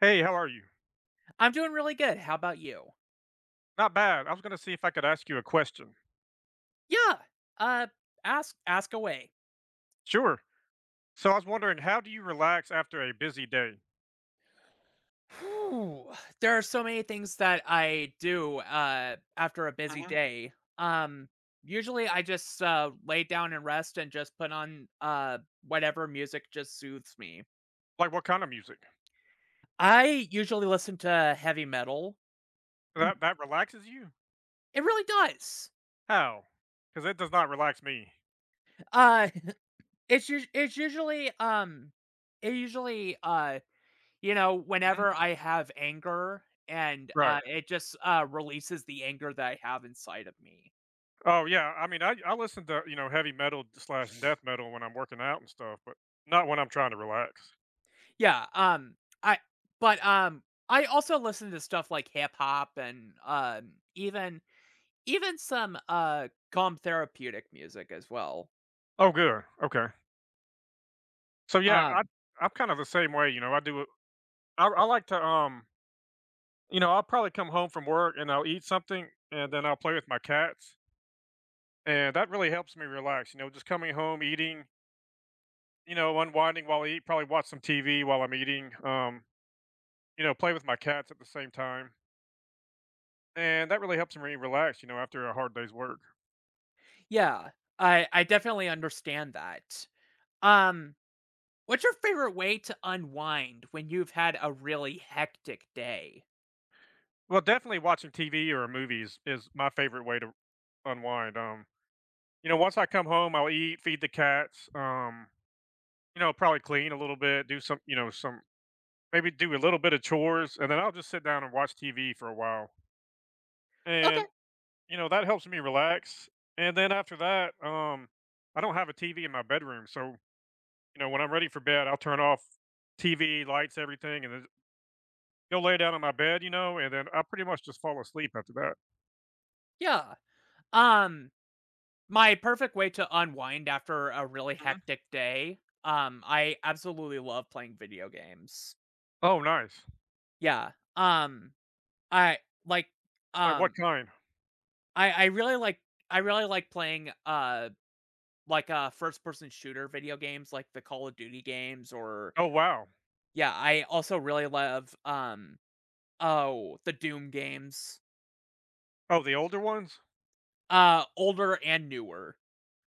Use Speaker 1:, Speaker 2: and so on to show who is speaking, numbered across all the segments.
Speaker 1: Hey, how are you?
Speaker 2: I'm doing really good. How about you?
Speaker 1: Not bad. I was gonna see if I could ask you a question.
Speaker 2: Yeah, uh, ask ask away.
Speaker 1: Sure. So I was wondering, how do you relax after a busy day?
Speaker 2: Whooh! There are so many things that I do, uh, after a busy
Speaker 1: Mhm.
Speaker 2: day. Um, usually I just, uh, lay down and rest and just put on, uh, whatever music just soothes me.
Speaker 1: Like, what kinda music?
Speaker 2: I usually listen to heavy metal.
Speaker 1: That that relaxes you?
Speaker 2: It really does.
Speaker 1: How? 'Cause it does not relax me.
Speaker 2: Uh, it's usu it's usually, um, it usually, uh, you know,
Speaker 1: Mhm.
Speaker 2: whenever I have anger and,
Speaker 1: Right.
Speaker 2: uh, it just, uh, releases the anger that I have inside of me.
Speaker 1: Oh, yeah. I mean, I d I listen to, you know, heavy metal, d slash death metal when I'm working out and stuff, but not when I'm trying to relax.
Speaker 2: Yeah, um, I but, um, I also listen to stuff like hip-hop and, um, even, even some, uh, calm therapeutic music as well.
Speaker 1: Oh, good, okay. So, yeah, I
Speaker 2: Um
Speaker 1: I'm kind of the same way, you know. I do a I I like to, um you know, I'll probably come home from work, and I'll eat something, and then I'll play with my cats. And that really helps me relax, you know, just coming home, eating you know, unwinding while I eat, probably watch some TV while I'm eating, um, you know, play with my cats at the same time. And that really helps me relax, you know, after a hard day's work.
Speaker 2: Yeah, I I definitely understand that. Um, what's your favorite way to unwind when you've had a really hectic day?
Speaker 1: Well, definitely watching TV or movies is my favorite way to unwind, um, you know, once I come home, I'll eat, feed the cats, um, you know, probably clean a little bit, do some you know, some maybe do a little bit of chores, and then I'll just sit down and watch TV for a while.
Speaker 2: Okay.
Speaker 1: And, you know, that helps me relax, and then after that, um, I don't have a TV in my bedroom, so, you know, when I'm ready for bed, I'll turn off TV, lights, everything, and then ju go lay down in my bed, you know, and then I pretty much just fall asleep after that.
Speaker 2: Yeah. Um, my perfect way to unwind after a really
Speaker 1: Mhm.
Speaker 2: hectic day, um, I absolutely love playing video games.
Speaker 1: Oh, nice.
Speaker 2: Yeah. Um, I like,
Speaker 1: Like, what
Speaker 2: um
Speaker 1: kind?
Speaker 2: I I really like, I really like playing, uh, like, uh, first-person shooter video games like the Call of Duty games or
Speaker 1: Oh, wow.
Speaker 2: Yeah, I also really love, um, oh, the Doom games.
Speaker 1: Oh, the older ones?
Speaker 2: Uh, older and newer.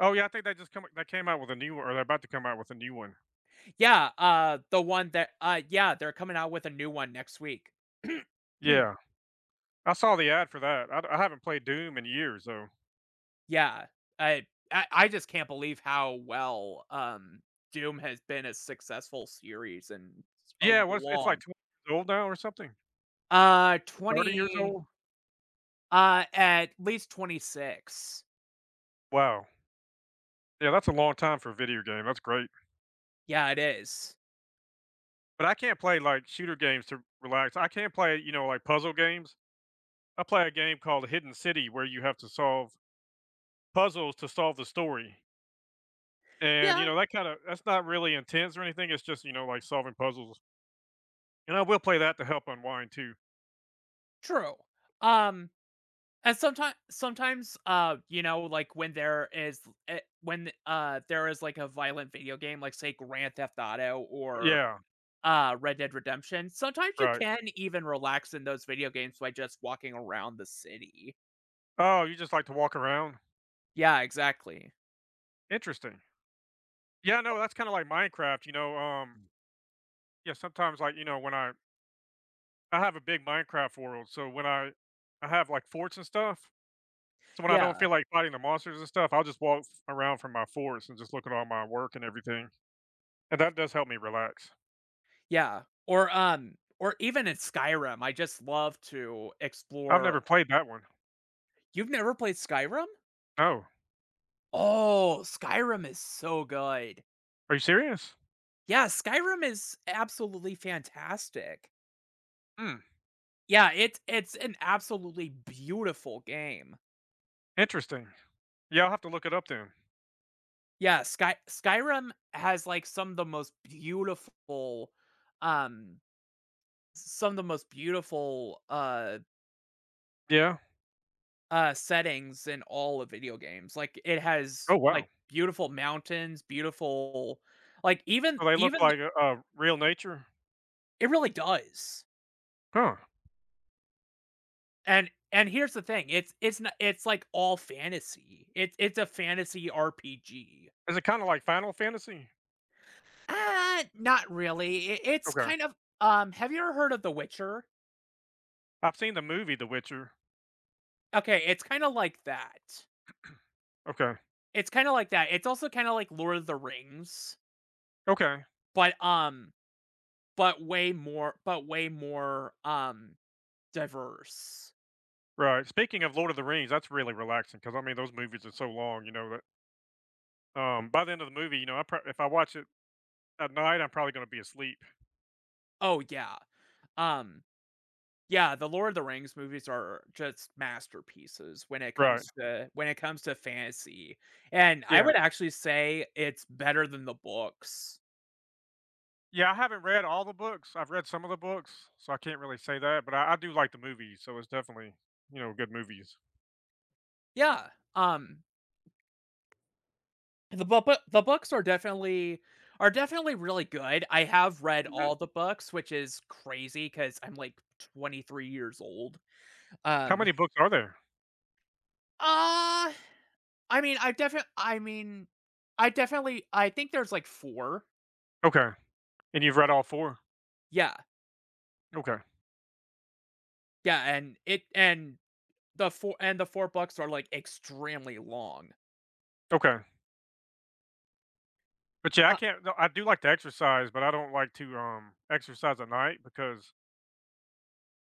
Speaker 1: Oh, yeah, I think they just come i they came out with a new o or they're about to come out with a new one.
Speaker 2: Yeah, uh, the one that uh, yeah, they're coming out with a new one next week.
Speaker 1: Yeah. I saw the ad for that I'd I haven't played Doom in years though.
Speaker 2: Yeah, I I I just can't believe how well, um, Doom has been a successful series and
Speaker 1: Yeah,
Speaker 2: so
Speaker 1: what it's like
Speaker 2: long.
Speaker 1: 20 old now or something.
Speaker 2: Uh,
Speaker 1: 30 years
Speaker 2: 20
Speaker 1: old?
Speaker 2: uh, at least 26.
Speaker 1: Wow. Yeah, that's a long time for a video game, that's great.
Speaker 2: Yeah, it is.
Speaker 1: But I can't play, like, shooter games to r relax, I can play, you know, like, puzzle games. I play a game called The Hidden City where you have to solve puzzles to solve the story. And, you
Speaker 2: Yeah.
Speaker 1: know, that kinda that's not really intense or anything, it's just, you know, like, solving puzzles. And I will play that to help unwind too.
Speaker 2: True, um, and someti sometimes, uh, you know, like when there is, l i uh, when, uh, there is like a violent video game, like say Grand Theft Auto or,
Speaker 1: Yeah.
Speaker 2: uh, Red Dead Redemption, sometimes you
Speaker 1: Right.
Speaker 2: can even relax in those video games by just walking around the city.
Speaker 1: Oh, you just like to walk around?
Speaker 2: Yeah, exactly.
Speaker 1: Interesting. Yeah, no, that's kinda like Minecraft, you know, um Yeah, sometimes, like, you know, when I I have a big Minecraft world, so when I I have, like, forts and stuff, so, when I don't
Speaker 2: Yeah.
Speaker 1: feel like fighting the monsters and stuff, I'll just walk f around from my forts and just look at all my work and everything, and that does help me relax.
Speaker 2: Yeah, or, um, or even in Skyrim, I just love to
Speaker 1: I've
Speaker 2: explore
Speaker 1: never played that one.
Speaker 2: You've never played Skyrim?
Speaker 1: Oh.
Speaker 2: Oh, Skyrim is so good.
Speaker 1: Are you serious?
Speaker 2: Yeah, Skyrim is absolutely fantastic.
Speaker 1: Mm.
Speaker 2: Yeah, it's it's an absolutely beautiful game.
Speaker 1: Interesting. Yeah, I'll have to look it up then.
Speaker 2: Yeah, Sky Skyrim has like some the most beautiful, um, some of the most beautiful, uh
Speaker 1: Yeah.
Speaker 2: uh, settings in all of video games, like, it
Speaker 1: Oh,
Speaker 2: has,
Speaker 1: wow.
Speaker 2: like, beautiful mountains, beautiful like even,
Speaker 1: So they look
Speaker 2: even
Speaker 1: like
Speaker 2: th
Speaker 1: a, uh, real nature?
Speaker 2: It really does.
Speaker 1: Huh.
Speaker 2: And and here's the thing, it's it's n it's, like, all fantasy, it's it's a fantasy RPG.
Speaker 1: Is it kinda like Final Fantasy?
Speaker 2: Uh, not really, it it's
Speaker 1: Okay.
Speaker 2: kind of, um have you ever heard of "The Witcher"?
Speaker 1: I've seen the movie The Witcher.
Speaker 2: Okay, it's kinda like that.
Speaker 1: Okay.
Speaker 2: It's kinda like that. It's also kinda, like, Lord of the Rings.
Speaker 1: Okay.
Speaker 2: But, um, but way more but way more, um, diverse.
Speaker 1: Right, speaking of, Lord of the Rings, that's really relaxing 'cause, I mean, those movies are so long, you know, that um, by the end of the movie, you know, I pr if I watch it at night, I'm probably gonna be asleep.
Speaker 2: Oh, yeah. Um yeah, the Lord of the Rings movies are just masterpieces when it
Speaker 1: Right.
Speaker 2: comes to when it comes to fantasy, and I
Speaker 1: Yeah.
Speaker 2: would actually say it's better than the books.
Speaker 1: Yeah, I haven't read all the books. I've read some of the books, so I can't really say that, but I I do like the movies, so it's definitely, you know, good movies.
Speaker 2: Yeah, um ...the boo boo the books are definitely are definitely really good, I have read
Speaker 1: Mhm.
Speaker 2: all the books, which is crazy 'cause I'm, like, 23 years old.
Speaker 1: How
Speaker 2: Um
Speaker 1: many books are there?
Speaker 2: Uh, I mean, I def I mean, I definitely I think there's, like, 4.
Speaker 1: Okay, and you've read all 4.
Speaker 2: Yeah.
Speaker 1: Okay.
Speaker 2: Yeah, and it and the fou and the 4 books are, like, extremely long.
Speaker 1: Okay. But yeah, I
Speaker 2: A
Speaker 1: can't no, I do like to exercise, but I don't like to, um, exercise at night because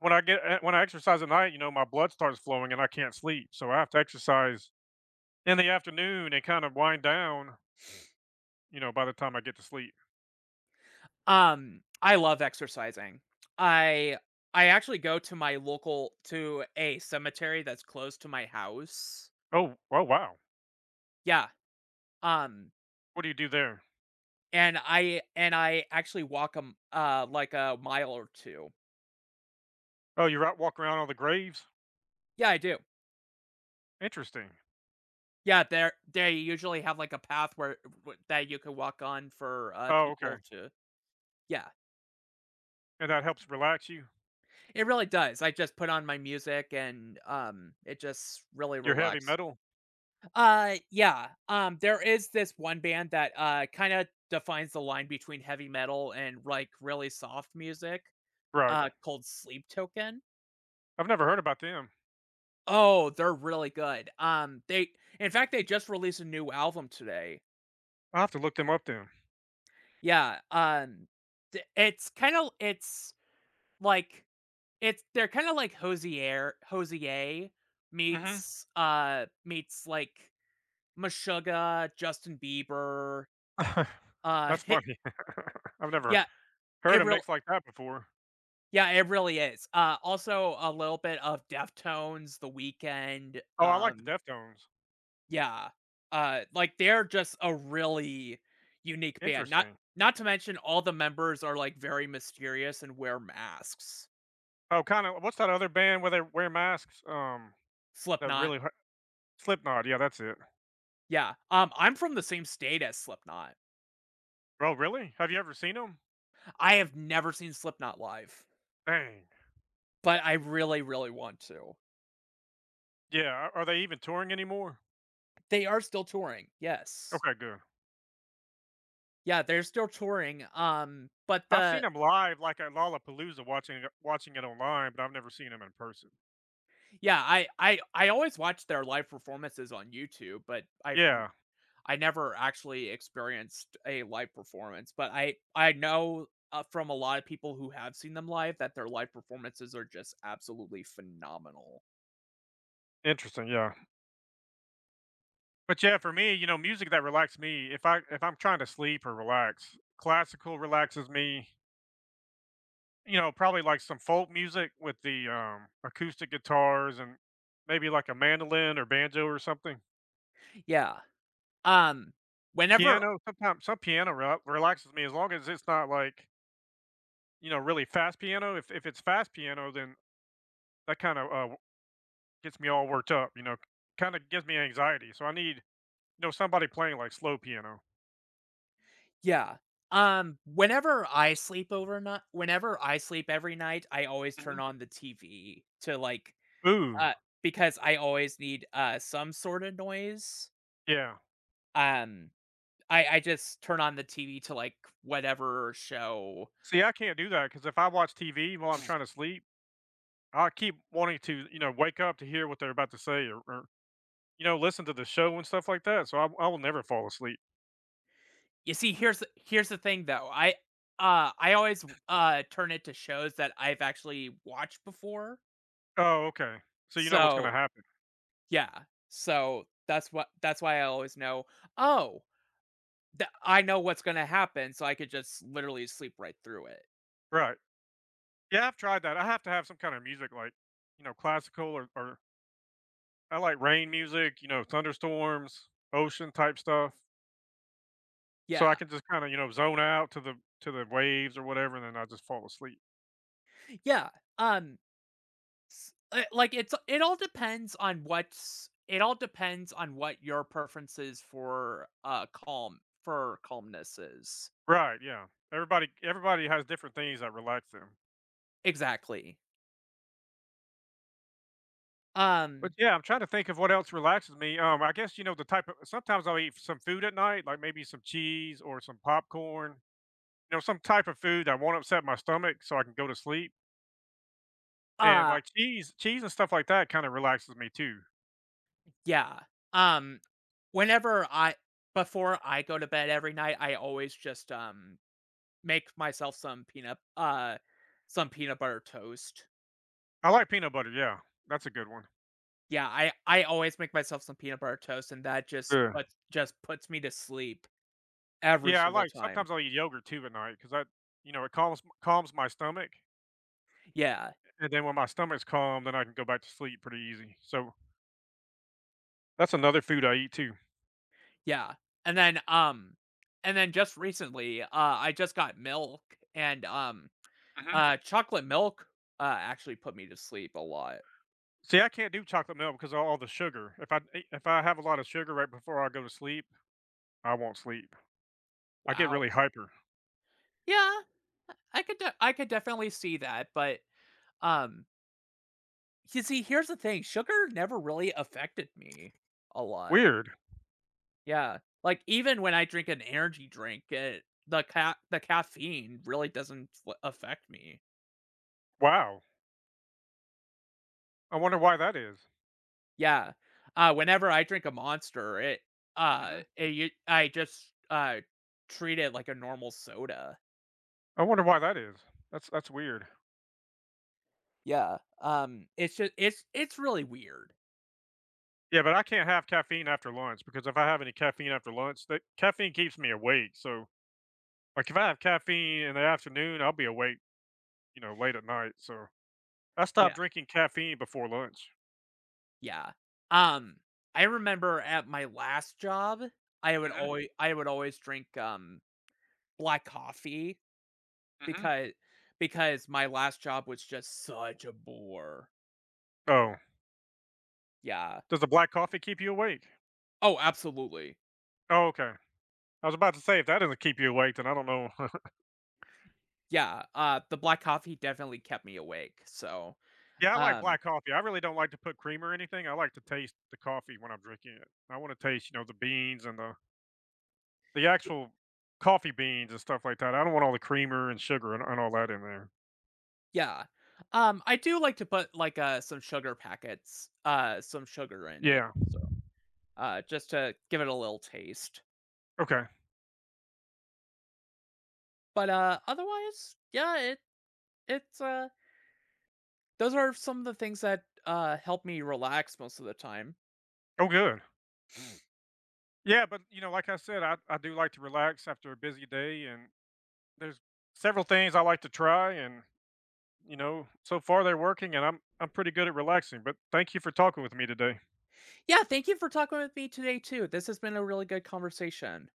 Speaker 1: When I get uh, when I exercise at night, you know, my blood starts flowing and I can't sleep, so, I have to exercise in the afternoon and kind of wind down you know, by the time I get to sleep.
Speaker 2: Um, I love exercising. I I actually go to my local to a cemetery that's close to my house.
Speaker 1: Oh, oh, wow.
Speaker 2: Yeah, um
Speaker 1: What do you do there?
Speaker 2: And I and I actually walk, um, m uh, like a mile or 2.
Speaker 1: Oh, you're out walk around all the graves?
Speaker 2: Yeah, I do.
Speaker 1: Interesting.
Speaker 2: Yeah, they're they usually have, like, a path where w that you can walk on for, uh,
Speaker 1: Oh, okay.
Speaker 2: people to yeah.
Speaker 1: And that helps relax you?
Speaker 2: It really does. I just put on my music and, um, it just really
Speaker 1: Your heavy
Speaker 2: relax
Speaker 1: metal?
Speaker 2: Uh, yeah. Um, there is this one band that, uh, kinda defines the line between heavy metal and, like, really soft music,
Speaker 1: Right.
Speaker 2: uh, called Sleep Token.
Speaker 1: I've never heard about them.
Speaker 2: Oh, they're really good. Um, they in fact, they just released a new album today.
Speaker 1: I'll have to look them up, then.
Speaker 2: Yeah, um, d it's kinda, l it's like, it's they're kinda like Hozier Hozier
Speaker 1: Mhm.
Speaker 2: meets, uh, meets, like, Meshuggah, Justin Bieber, uh,
Speaker 1: That's
Speaker 2: heh
Speaker 1: funny. I've never
Speaker 2: Yeah,
Speaker 1: heard
Speaker 2: it
Speaker 1: a
Speaker 2: real
Speaker 1: mix like that before.
Speaker 2: yeah, it really is. Uh, also a little bit of Deftones, The Weeknd,
Speaker 1: Oh, I like the
Speaker 2: um
Speaker 1: Deftones.
Speaker 2: Yeah, uh, like, they're just a really unique band. Not
Speaker 1: Interesting.
Speaker 2: not to mention all the members are, like, very mysterious and wear masks.
Speaker 1: Oh, kinda what's that other band where they wear masks, um, that
Speaker 2: Slipknot.
Speaker 1: really h Slipknot, yeah, that's it.
Speaker 2: Yeah, um, I'm from the same state as Slipknot.
Speaker 1: Oh, really? Have you ever seen 'em?
Speaker 2: I have never seen Slipknot live.
Speaker 1: Dang.
Speaker 2: But, I really, really want to.
Speaker 1: Yeah. Are are they even touring anymore?
Speaker 2: They are still touring, yes.
Speaker 1: Okay, good.
Speaker 2: Yeah, they're still touring, um, but
Speaker 1: I've
Speaker 2: the
Speaker 1: seen 'em live, like, at Lollapalooza, watching it watching it online, but I've never seen 'em in person.
Speaker 2: Yeah, I I I always watch their live performances on YouTube, but I've n
Speaker 1: Yeah.
Speaker 2: I never actually experienced a live performance, but I I know, uh, from a lotta people who have seen them live that their live performances are just absolutely phenomenal.
Speaker 1: Interesting, yeah. But yeah, for me, you know, music that relaxes me, if I if I'm trying to sleep or relax, classical relaxes me. You know, probably, like, some folk music with the, um, acoustic guitars and maybe, like, a mandolin or banjo or something.
Speaker 2: Yeah. Um, whenever
Speaker 1: Piano, sometimes some piano re relaxes me, as long as it's not, like you know, really fast piano. If if it's fast piano, then that kinda, uh, w gets me all worked up, you know. Ki kinda gives me anxiety. So I need, you know, somebody playing, like, slow piano.
Speaker 2: Yeah. Um, whenever I sleep over ni whenever I sleep every night, I always turn
Speaker 1: Mhm.
Speaker 2: on the TV to, like,
Speaker 1: Ooh.
Speaker 2: uh, because I always need, uh, some sorta noise.
Speaker 1: Yeah.
Speaker 2: Um, I I just turn on the TV to, like, whatever show.
Speaker 1: See, I can't do that, 'cause if I watch TV while I'm trying to sleep, I keep wanting to, you know, wake up to hear what they're about to say or or, you know, listen to the show and stuff like that. So, I w I will never fall asleep.
Speaker 2: You see, here's the here's the thing, though. I, uh, I always, uh, turn it to shows that I've actually watched before.
Speaker 1: Oh, okay. So you know what's gonna
Speaker 2: So
Speaker 1: happen?
Speaker 2: yeah, so, that's what that's why I always know, oh the I know what's gonna happen so I could just literally sleep right through it.
Speaker 1: Right. Yeah, I've tried that. I have to have some kinda music, like, you know, classical or or I like rain music, you know, thunderstorms, ocean type stuff so I
Speaker 2: Yeah.
Speaker 1: can, just, kinda, you know, zone out to the to the waves or whatever, and then I'll just fall asleep.
Speaker 2: Yeah, um s uh, like it's, uh it all depends on what's it all depends on what your preference is for, uh, calm for calmness is.
Speaker 1: Right, yeah. Everybody everybody has different things that relax them.
Speaker 2: Exactly.
Speaker 1: But
Speaker 2: Um
Speaker 1: yeah, I'm trying to think of what else relaxes me. Um, I guess, you know, the type o sometimes I'll eat some food at night, like, maybe some cheese or some popcorn, you know, some type of food that won't upset my stomach so I can go to sleep and,
Speaker 2: Uh
Speaker 1: like, cheese cheese and stuff like that, kinda, relaxes me, too.
Speaker 2: Yeah. Um, whenever I before I go to bed every night, I always just, um, make myself some peanut, uh some peanut butter toast.
Speaker 1: I like peanut butter, yeah. That's a good one.
Speaker 2: Yeah, I I always make myself some peanut butter toast and that just
Speaker 1: Yeah.
Speaker 2: put just puts me to sleep every
Speaker 1: Yeah, I
Speaker 2: single
Speaker 1: like
Speaker 2: time.
Speaker 1: sometimes I'll eat yogurt too at night 'cause I you know, it calms calms my stomach.
Speaker 2: Yeah.
Speaker 1: And then when my stomach's calm, then I can go back to sleep pretty easy, so That's another food I eat too.
Speaker 2: Yeah, and then, um and then just recently, uh, I just got milk and, um,
Speaker 1: Mhm.
Speaker 2: uh, chocolate milk, uh, actually put me to sleep a lot.
Speaker 1: See, I can't do chocolate milk 'cause of a all the sugar, if I e if I have a lot of sugar right before I go to sleep, I won't sleep. I get
Speaker 2: Wow.
Speaker 1: really hyper.
Speaker 2: Yeah, I I could de I could definitely see that, but, um you see, here's the thing, sugar never really affected me a lot.
Speaker 1: Weird.
Speaker 2: Yeah. Like, even when I drink an energy drink, it the ca the caffeine really doesn't li affect me.
Speaker 1: Wow. I wonder why that is.
Speaker 2: Yeah. Uh, whenever I drink a Monster it, uh,
Speaker 1: Mhm.
Speaker 2: it, you I just, uh, treat it like a normal soda.
Speaker 1: I wonder why that is. That's that's weird.
Speaker 2: Yeah. Um, it's just, it's it's really weird.
Speaker 1: Yeah, but I can't have caffeine after lunch because if I have any caffeine after lunch, the caffeine keeps me awake. So, like, if I have caffeine in the afternoon, I'll be awake, you know, late at night. So I've stop
Speaker 2: Yeah.
Speaker 1: drinking caffeine before lunch.
Speaker 2: Yeah. Um, I remember at my last job, I would
Speaker 1: Mhm.
Speaker 2: alway I would always drink, um, black coffee,
Speaker 1: Mhm.
Speaker 2: becau because my last job was just such a bore.
Speaker 1: Oh.
Speaker 2: Yeah.
Speaker 1: Does the black coffee keep you awake?
Speaker 2: Oh, absolutely.
Speaker 1: Oh, okay. I was about to say, if that doesn't keep you awake, then I don't know.
Speaker 2: Yeah, uh, the black coffee definitely kept me awake, so,
Speaker 1: Yeah, I like
Speaker 2: um
Speaker 1: black coffee. I really don't like to put cream or anything. I like to taste the coffee when I'm drinking it. I wanna taste, you know, the beans and the the actual coffee beans and stuff like that. I don't want all the creamer and sugar and and all that in there.
Speaker 2: Yeah. Um, I do like to put, like, uh, some sugar packets, uh, some sugar in it,
Speaker 1: Yeah.
Speaker 2: so, uh, just to give it a little taste.
Speaker 1: Okay.
Speaker 2: But, uh, otherwise, yeah, it it's, uh Those are some of the things that, uh, help me relax most of the time.
Speaker 1: Oh, good. Yeah, but you know, like I said, I I do like to relax after a busy day, and there's several things I like to try, and, you know, so far they're working and I'm I'm pretty good at relaxing but thank you for talking with me today.
Speaker 2: Yeah, thank you for talking with me today too. This has been a really good conversation.